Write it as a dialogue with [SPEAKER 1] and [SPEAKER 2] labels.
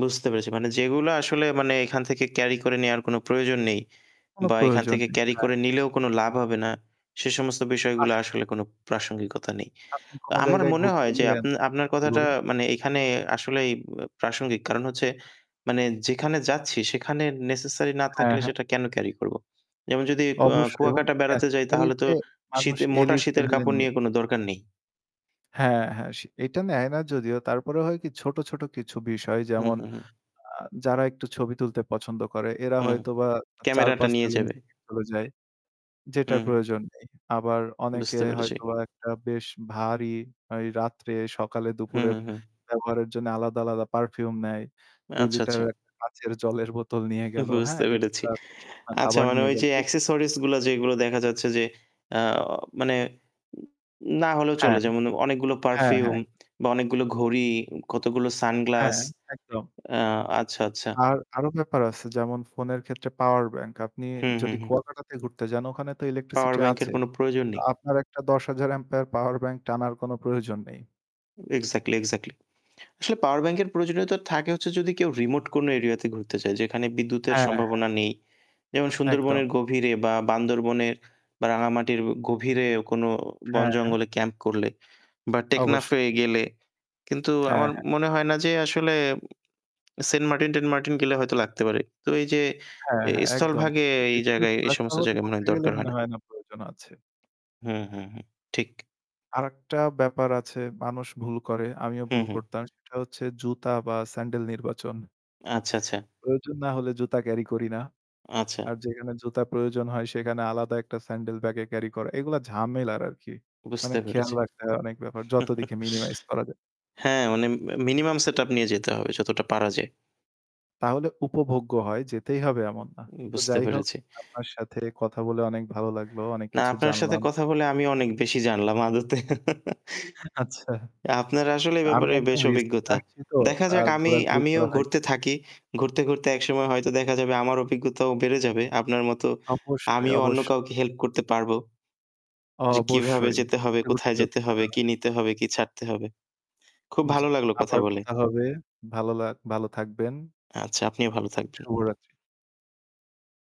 [SPEAKER 1] বুঝতে পেরেছি। মানে যেগুলা আসলে মানে এখান থেকে ক্যারি করে নেওয়ার কোনো প্রয়োজন নেই
[SPEAKER 2] কোনো
[SPEAKER 1] বা এখান
[SPEAKER 2] প্রয়োজন
[SPEAKER 1] থেকে
[SPEAKER 2] নেই।
[SPEAKER 1] ক্যারি
[SPEAKER 2] হ্যাঁ।
[SPEAKER 1] করে নিলেও কোন লাভ হবে না, সে সমস্ত বিষয়গুলো
[SPEAKER 2] আসলেই।
[SPEAKER 1] আসলে কোন প্রাসঙ্গিকতা নেই।
[SPEAKER 2] আপনি
[SPEAKER 1] আ
[SPEAKER 2] কোন
[SPEAKER 1] আমার
[SPEAKER 2] জায়গায়
[SPEAKER 1] মনে
[SPEAKER 2] ঘুরতে
[SPEAKER 1] হয় যে, আ
[SPEAKER 2] গেলেন
[SPEAKER 1] আপনার
[SPEAKER 2] জী,
[SPEAKER 1] কথাটা
[SPEAKER 2] বলুন।
[SPEAKER 1] মানে এখানে আসলেই ব প্রাসঙ্গিক। কারণ হচ্ছে, মানে যেখানে যাচ্ছি, সেখানে নেসেসারি না
[SPEAKER 2] হ্যাঁ,
[SPEAKER 1] থাকলে
[SPEAKER 2] হ্যাঁ।
[SPEAKER 1] সেটা কেন ক্যারি করব? যেমন যদি ক
[SPEAKER 2] অবশ্যই। এবং
[SPEAKER 1] কুয়াকাটা বেড়াতে যাই,
[SPEAKER 2] নেসেসারি
[SPEAKER 1] তাহলে তো
[SPEAKER 2] কে মানুষ
[SPEAKER 1] শীতের মোটা
[SPEAKER 2] এলিট
[SPEAKER 1] শীতের
[SPEAKER 2] লেভেলে
[SPEAKER 1] কাপড়
[SPEAKER 2] নিয়ে
[SPEAKER 1] নিয়ে
[SPEAKER 2] যায়।
[SPEAKER 1] কোনো দরকার নেই।
[SPEAKER 2] হ্যাঁ, হ্যাঁ সে এটা নেয় না যদিও। তারপরেও হয় কি ছোট, ছোট কিছু বিষয়
[SPEAKER 1] হু,
[SPEAKER 2] যেমন
[SPEAKER 1] হু, হু।
[SPEAKER 2] আ যারা একটু ছবি তুলতে পছন্দ করে এরা
[SPEAKER 1] হু,
[SPEAKER 2] হয়তোবা
[SPEAKER 1] ক্যামেরাটা
[SPEAKER 2] ৪-৫ টা
[SPEAKER 1] নিয়ে
[SPEAKER 2] লেন্স
[SPEAKER 1] যাবে।
[SPEAKER 2] নিয়ে চলে যায়, যেটার
[SPEAKER 1] হুম।
[SPEAKER 2] প্রয়োজন নেই। আবার অনেকে
[SPEAKER 1] বুঝতে পেরেছি।
[SPEAKER 2] হয়তোবা একটা বেশ ভারী, ওই
[SPEAKER 1] হু,
[SPEAKER 2] রাত্রে-সকালে-দুপুরে
[SPEAKER 1] হু, হু।
[SPEAKER 2] ব্যবহারের জন্য আলাদা, আলাদা পারফিউম নেয়। 2
[SPEAKER 1] আচ্ছা, আচ্ছা।
[SPEAKER 2] লিটারের একটা কাঁচের জলের বোতল নিয়ে গেল, হ্যাঁ।
[SPEAKER 1] বুঝতে পেরেছি।
[SPEAKER 2] এক্সট্রা শুকনা
[SPEAKER 1] আচ্ছা,
[SPEAKER 2] খাবার
[SPEAKER 1] মানে
[SPEAKER 2] নিয়ে
[SPEAKER 1] ওই যে,
[SPEAKER 2] গেলো। এগুলো
[SPEAKER 1] অ্যাক্সেসরিজ
[SPEAKER 2] [unintelligible]
[SPEAKER 1] গুলো; যেগুলো দেখা যাচ্ছে যে, আ মানে না হলেও
[SPEAKER 2] হ্যাঁ।
[SPEAKER 1] চলে। যেমন, অনেকগুলো
[SPEAKER 2] হ্যাঁ,
[SPEAKER 1] পারফিউম
[SPEAKER 2] হ্যাঁ।
[SPEAKER 1] বা অনেকগুলো ঘড়ি, কতগুলো সানগ্লাস
[SPEAKER 2] হ্যাঁ, একদম।
[SPEAKER 1] আ আচ্ছা, আচ্ছা।
[SPEAKER 2] আর; আরো ব্যাপার আছে। যেমন, ফোনের ক্ষেত্রে পাওয়ার ব্যাংক। আপনি
[SPEAKER 1] হু, হু,
[SPEAKER 2] যদি
[SPEAKER 1] হু।
[SPEAKER 2] কুয়াকাটাতে ঘুরতে যান ওখানে তো
[SPEAKER 1] পাওয়ার
[SPEAKER 2] ইলেকট্রিসিটি
[SPEAKER 1] ব্যাংকের
[SPEAKER 2] আছে।
[SPEAKER 1] কোন প্রয়োজন নেই।
[SPEAKER 2] আপনার একটা ১০০০০ অ্যাম্পিয়ার পাওয়ার ব্যাংক টানার কোন প্রয়োজন নেই।
[SPEAKER 1] Exactly, exactly. আসলে পাওয়ার ব্যাংকের প্রয়োজনীয়তা থাকে হচ্ছে, যদি কেউ রিমোট কোন এরিয়াতে ঘুরতে যায়, যেখানে বিদ্যুতের
[SPEAKER 2] হ্যাঁ, হ্যাঁ।
[SPEAKER 1] সম্ভাবনা নেই। যেমন,
[SPEAKER 2] একদম।
[SPEAKER 1] সুন্দরবনের গভীরে বা বান্দরবনের বা রাঙামাটির গভীরে কোন
[SPEAKER 2] হ্যাঁ, হ্যাঁ।
[SPEAKER 1] বনজঙ্গলে ক্যাম্প করলে বা
[SPEAKER 2] অবশ্যই।
[SPEAKER 1] টেকনাফে গেলে। কিন্তু,
[SPEAKER 2] হ্যাঁ,
[SPEAKER 1] আমার
[SPEAKER 2] হ্যাঁ।
[SPEAKER 1] মনে হয় না যে আসলে, সেন্ট মার্টিন-টেন্ট মার্টিন গেলে হয়তো লাগতে পারে। তো, এই যে
[SPEAKER 2] হ্যাঁ, হ্যাঁ। একদম।
[SPEAKER 1] স্থলভাগে, এই
[SPEAKER 2] বিভিন্ন
[SPEAKER 1] জায়গায়
[SPEAKER 2] জেলা
[SPEAKER 1] সমস্ত
[SPEAKER 2] শহরে
[SPEAKER 1] জায়গায় মনে
[SPEAKER 2] ঘুরতে
[SPEAKER 1] হয়
[SPEAKER 2] গেলে
[SPEAKER 1] দরকার হয়
[SPEAKER 2] মনে
[SPEAKER 1] না।
[SPEAKER 2] হয় না প্রয়োজন আছে।
[SPEAKER 1] হু, হু, হু ঠিক।
[SPEAKER 2] আরেকটা ব্যাপার আছে, মানুষ ভুল করে, আমিও
[SPEAKER 1] হু,
[SPEAKER 2] ভুল
[SPEAKER 1] হু।
[SPEAKER 2] করতাম। সেটা হচ্ছে, জুতা বা স্যান্ডেল নির্বাচন।
[SPEAKER 1] আচ্ছা, আচ্ছা।
[SPEAKER 2] প্রয়োজন না হলে জুতা ক্যারি করি না।
[SPEAKER 1] আচ্ছা।
[SPEAKER 2] আর যেখানে জুতা প্রয়োজন হয়, সেখানে আলাদা একটা স্যান্ডেল ব্যাগে ক্যারি করা, এগুলো ঝামেলার আরকি। মানে
[SPEAKER 1] বুঝতে
[SPEAKER 2] খেয়াল
[SPEAKER 1] পেরেছি।
[SPEAKER 2] রাখতে হয়, অনেক ব্যাপার। যত দিকে মিনিমাইজ করা যায়।
[SPEAKER 1] হ্যাঁ, মানে মি মিনিমাম সেটআপ নিয়ে যেতে হবে, যতটা পারা যায়।
[SPEAKER 2] তাহলে উপভোগ্য হয়, যেতেই হবে এমন না। তো
[SPEAKER 1] বুঝতে
[SPEAKER 2] যাই হোক,
[SPEAKER 1] পেরেছি।
[SPEAKER 2] আপনার সাথে কথা বলে অনেক ভালো লাগলো, অনেক
[SPEAKER 1] না,
[SPEAKER 2] কিছু
[SPEAKER 1] আপনার সাথে
[SPEAKER 2] জানলাম।
[SPEAKER 1] কথা বলে আমি অনেক বেশি জানলাম আদতে।
[SPEAKER 2] আচ্ছা।
[SPEAKER 1] আপনার আসলে এই
[SPEAKER 2] আমি
[SPEAKER 1] ব্যাপারে
[SPEAKER 2] একদম
[SPEAKER 1] বেশ
[SPEAKER 2] রিসেন্ট
[SPEAKER 1] অভিজ্ঞতা।
[SPEAKER 2] আসছি তো,
[SPEAKER 1] দেখা যাক
[SPEAKER 2] আর
[SPEAKER 1] আমি
[SPEAKER 2] ঘোরাঘুরি
[SPEAKER 1] আমিও
[SPEAKER 2] করা
[SPEAKER 1] ঘুরতে
[SPEAKER 2] হয়নি।
[SPEAKER 1] থাকি। ঘুরতে, ঘুরতে একসময় হয়তো দেখা যাবে আমার অভিজ্ঞতাও বেড়ে যাবে। আপনার মতো
[SPEAKER 2] অবশ্যই,
[SPEAKER 1] আমিও অন্য
[SPEAKER 2] অবশ্যই।
[SPEAKER 1] কাউকে হেল্প করতে পারব। যে, কিভাবে
[SPEAKER 2] অবশ্যই।
[SPEAKER 1] যেতে হবে,
[SPEAKER 2] ঘুরতে,
[SPEAKER 1] কোথায়
[SPEAKER 2] ঘুরতেই
[SPEAKER 1] যেতে হবে,
[SPEAKER 2] অভিজ্ঞতা
[SPEAKER 1] কি
[SPEAKER 2] হবে।
[SPEAKER 1] নিতে হবে, কি ছাড়তে হবে। খুব
[SPEAKER 2] জ্বি,
[SPEAKER 1] ভালো লাগলো কথা
[SPEAKER 2] আবার
[SPEAKER 1] বলে।
[SPEAKER 2] কথা হবে। ভালো লা ভালো থাকবেন।
[SPEAKER 1] আচ্ছা, আপনিও ভালো থাকবেন।
[SPEAKER 2] শুভরাত্রি।